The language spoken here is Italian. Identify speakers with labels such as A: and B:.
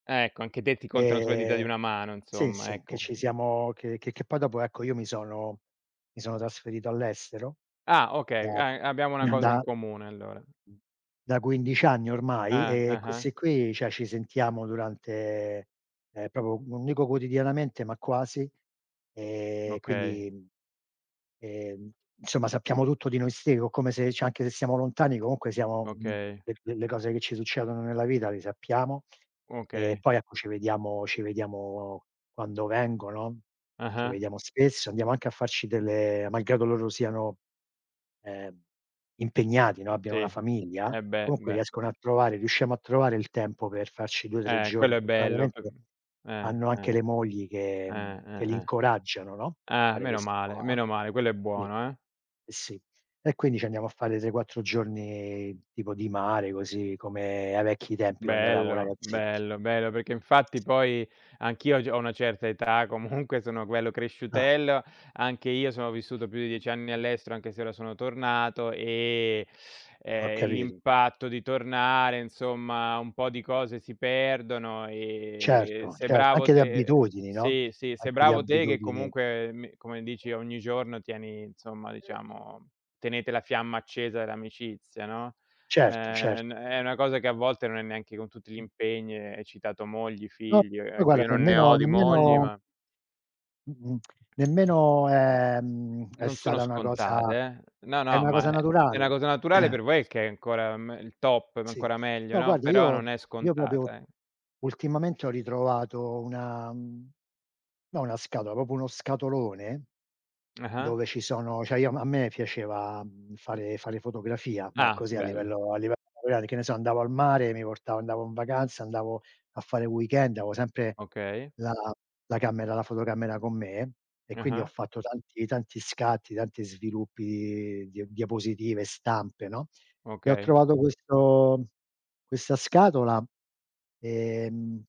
A: Ecco, anche te ti contano sulle dita di
B: Ehm,
A: una mano
B: sì,
A: insomma,
B: sì, che
A: ecco.
B: ci siamo, che che che poi dopo, ecco, io mi sono mi sono trasferito all'estero
A: Ah
B: da
A: okay, a abbiamo una cosa in
B: da
A: comune allora.
B: da 15 anni ormai
A: Eh,
B: e
A: eh-eh.
B: questi qui, cioè ci sentiamo durante, ehm proprio, non dico quotidianamente, ma quasi. Ehm
A: Okay.
B: quindi, mhmm, ehm, somma sappiamo tutto di noi ste o come se cioé anche se siamo lontani, comunque siamo,
A: Okay.
B: per delle cose che ci succedono nella vita, le sappiamo. E
A: Okay.
B: poi, ecco, ci vediamo ci vediamo quando vengono, ci
A: Ah-ah.
B: vediamo spesso, andiamo anche a farci delle, malgrado loro siano, ehm, impegnati, no,
A: Sì,
B: abbiano una famiglia,
A: eh beh,
B: comunque
A: beh.
B: riescono a trovare, riusciamo a trovare il tempo per farci 2, 3
A: Eh quello
B: giorni,
A: è bello p
B: fortunatamente
A: eh,
B: hanno anche
A: eh,
B: le mogli che
A: eh,
B: mhmm, che
A: eh,
B: li
A: eh.
B: incoraggiano no, a
A: Ah
B: fare
A: meno
B: ques
A: male,
B: qua.
A: meno male, quello è
B: Sì.
A: buono eh.
B: Eh sì, e quindi ci andiamo a fare 3, 4 giorni tipo di mare, così, come ai vecchi tempi quando eravamo
A: Bello,
B: ragazzetti.
A: bello, bello, perché infatti poi anch'io g ho una certa età, comunque sono quello
B: Ah.
A: cresciutello, anche io sono vissuto più di 10 anni all'estero anche se ora sono tornato, e,
B: Ho
A: ehm,
B: capito.
A: l'impatto di tornare insomma, un po' di cose si perdono e
B: Certo,
A: sei
B: certo,
A: bravo
B: anche di
A: te
B: abitudini, no?
A: sì, sì, sei
B: Anche di
A: bravo te che
B: abitudini.
A: comunque mi, come dici ogni giorno tieni, insomma, diciamo, tenete la fiamma accesa dell'amicizia, no?
B: Certo cer
A: Ehm n è una cosa che a volte non è neanche con tutti gli impegni, e hai citato mogli,
B: No,
A: figli, io
B: poi
A: ecco,
B: guarda
A: io non ne
B: nemmeno
A: ho di mogli,
B: nemmeno
A: ma
B: mh-mh nemmeno ehm, è
A: Non sono
B: stata una cosa
A: scontate eh. No,
B: è
A: no,
B: una cosa
A: ma è è una
B: naturale.
A: cosa naturale per voi che è ancora me il top, ma
B: Sì,
A: ancora meglio,
B: no
A: no,
B: guarda
A: però
B: io
A: non è
B: io proprio
A: scontata eh.
B: ultimamente ho ritrovato una mhmm, no una scatola, proprio uno scatolone,
A: Ah-ah.
B: dove ci sono cioè, io a m a me piaceva, mhmm, fare fare fotografia, ma
A: Ah,
B: così a
A: bello.
B: livello a livello amatoriale, che ne so andavo al mare, e mi portavo, andavo n vacanza, andavo a fare weekend, avo sempre,
A: Okay.
B: la la camera, la fotocamera con me, e quindi ho
A: Ah-ah.
B: fatto tanti tanti scatti, tanti sviluppi di dia diapositive, e stampe, no? E ho
A: Okay.
B: trovato questo questa scatola, ehm